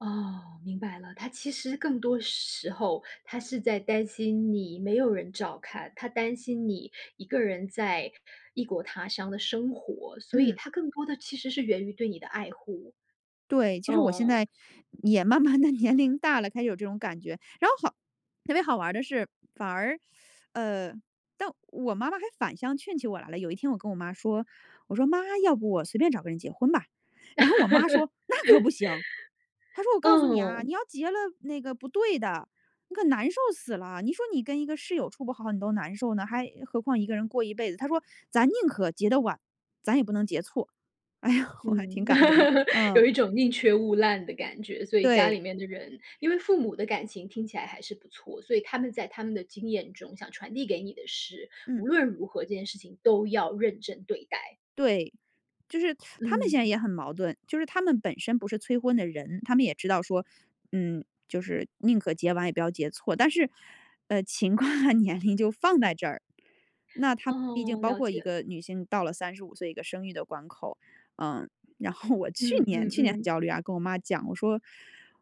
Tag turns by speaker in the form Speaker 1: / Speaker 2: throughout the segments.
Speaker 1: 哦，明白了，她其实更多时候她是在担心你没有人照看，她担心你一个人在异国他乡的生活，所以
Speaker 2: 嗯。
Speaker 1: 她更多的其实是源于对你的爱护。
Speaker 2: 对，其实我现
Speaker 1: 嗯。
Speaker 2: 在也慢慢地年龄大了，开始有这种感觉。然后好特别好玩的是，反而，呃，但我妈妈还反向劝起我来了。有一天我跟我妈说，我说：“妈，要不我随便找个人结婚吧。”然后我妈说：“那可不行。她说我 告诉你啊，
Speaker 1: 嗯。
Speaker 2: 你要结了那个不对的，你可难受死了。你说你跟一个室友处不好你都难受呢，还何况一个人过一辈子。”她说：“咱宁可结得晚，咱也不能结错。”哎呀，我还挺
Speaker 1: 嗯，
Speaker 2: 感动的，嗯。
Speaker 1: 有一种宁缺勿烂的感觉，所以家
Speaker 2: 对。
Speaker 1: 里面的人因为父母的感情听起来还是不错，所以他们在他们的经验中想传递给你的是，
Speaker 2: 嗯。
Speaker 1: 无论如何，这件事情都要认真对待。
Speaker 2: 对，就是 他他们现在
Speaker 1: 嗯。
Speaker 2: 也很矛盾。就是他们本身不是催婚的人，他们也知道说，嗯，就是宁可结晚也不要结错。但是，呃，情况和年龄就放在这儿，那它毕竟
Speaker 1: 哦，
Speaker 2: 包
Speaker 1: 了
Speaker 2: 括一
Speaker 1: 解了。
Speaker 2: 个女性到了35岁一个生育的关口，嗯。然后我去
Speaker 1: 嗯
Speaker 2: 年
Speaker 1: 嗯
Speaker 2: 去年很
Speaker 1: 嗯。
Speaker 2: 焦虑啊，跟我妈讲我说，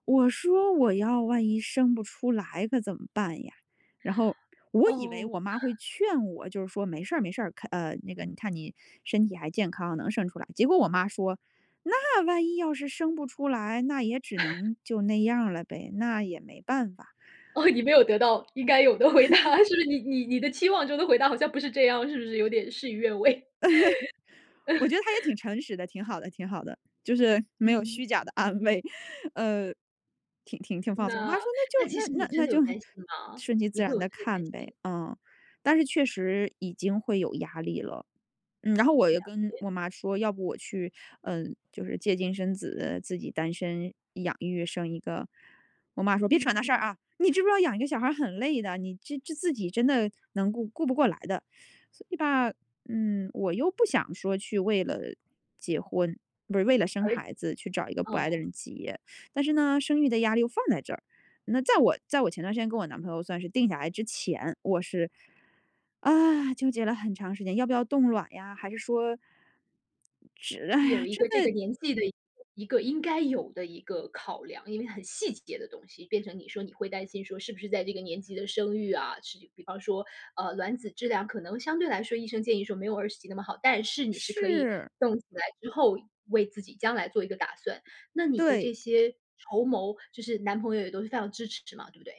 Speaker 2: 我说：“我要万一生不出来可怎么办呀？"然后我以为
Speaker 1: 哦。
Speaker 2: 我妈会 劝我，就是说没事儿没事儿，看呃，那个你看你身体还健康，能生出来，结果我妈说：“那万一要是生不出来，那也只 能就那样儿了呗，那也没办法。“
Speaker 1: 哦，你没有得到应该有的回答，是不是你你你的期望中的回答好像不是这样，是不是有点事与愿违？
Speaker 2: 我觉得她也挺 诚实的，挺好的挺好的，就是没有
Speaker 1: 嗯。
Speaker 2: 虚假地安慰，呃，挺挺挺放松。我妈
Speaker 1: 那
Speaker 2: 说：“那
Speaker 1: 那其实
Speaker 2: 就那
Speaker 1: 你
Speaker 2: 那
Speaker 1: 真
Speaker 2: 那
Speaker 1: 的
Speaker 2: 就
Speaker 1: 有担心吗？
Speaker 2: 顺其
Speaker 1: 你
Speaker 2: 自
Speaker 1: 会
Speaker 2: 然
Speaker 1: 有这
Speaker 2: 地
Speaker 1: 个担
Speaker 2: 看呗。
Speaker 1: 心。
Speaker 2: “嗯，但是确实已经会有压力了。嗯，然后我
Speaker 1: 了
Speaker 2: 又跟
Speaker 1: 解。
Speaker 2: 我妈说要不我去，嗯，就是借精生子自己单身养育生一个。我妈说：“别扯
Speaker 1: 嗯
Speaker 2: 那事儿
Speaker 1: 嗯。
Speaker 2: 啊，你知不知道养一个小孩儿很累的，你这这自己真的能顾顾不过来的。“所以吧，嗯，我又不想说去为了结婚，不是为了生
Speaker 1: 而且
Speaker 2: 孩子去找一个不爱的
Speaker 1: 嗯。
Speaker 2: 人结。但是呢，生育的压力又放在这儿。那在我在我前段时间跟我男朋友算是定下来之前，我是啊，纠结了很长时间要不要冻卵呀？还是说这哎呀，
Speaker 1: 有一
Speaker 2: 真
Speaker 1: 个这个
Speaker 2: 的。
Speaker 1: 年纪的一个一个应该有的一个考量，因为很细节的东西变成你说你会担心说是不是在这个年纪的生育啊，是比方说。呃，卵子质量可能相对来说，医生建议说没有20几那么好，但是你是可以
Speaker 2: 是。
Speaker 1: 冻起来之后为自己将来做一个打算。那你的
Speaker 2: 对。
Speaker 1: 这些筹谋就是男朋友也都是非常支持嘛，对不对？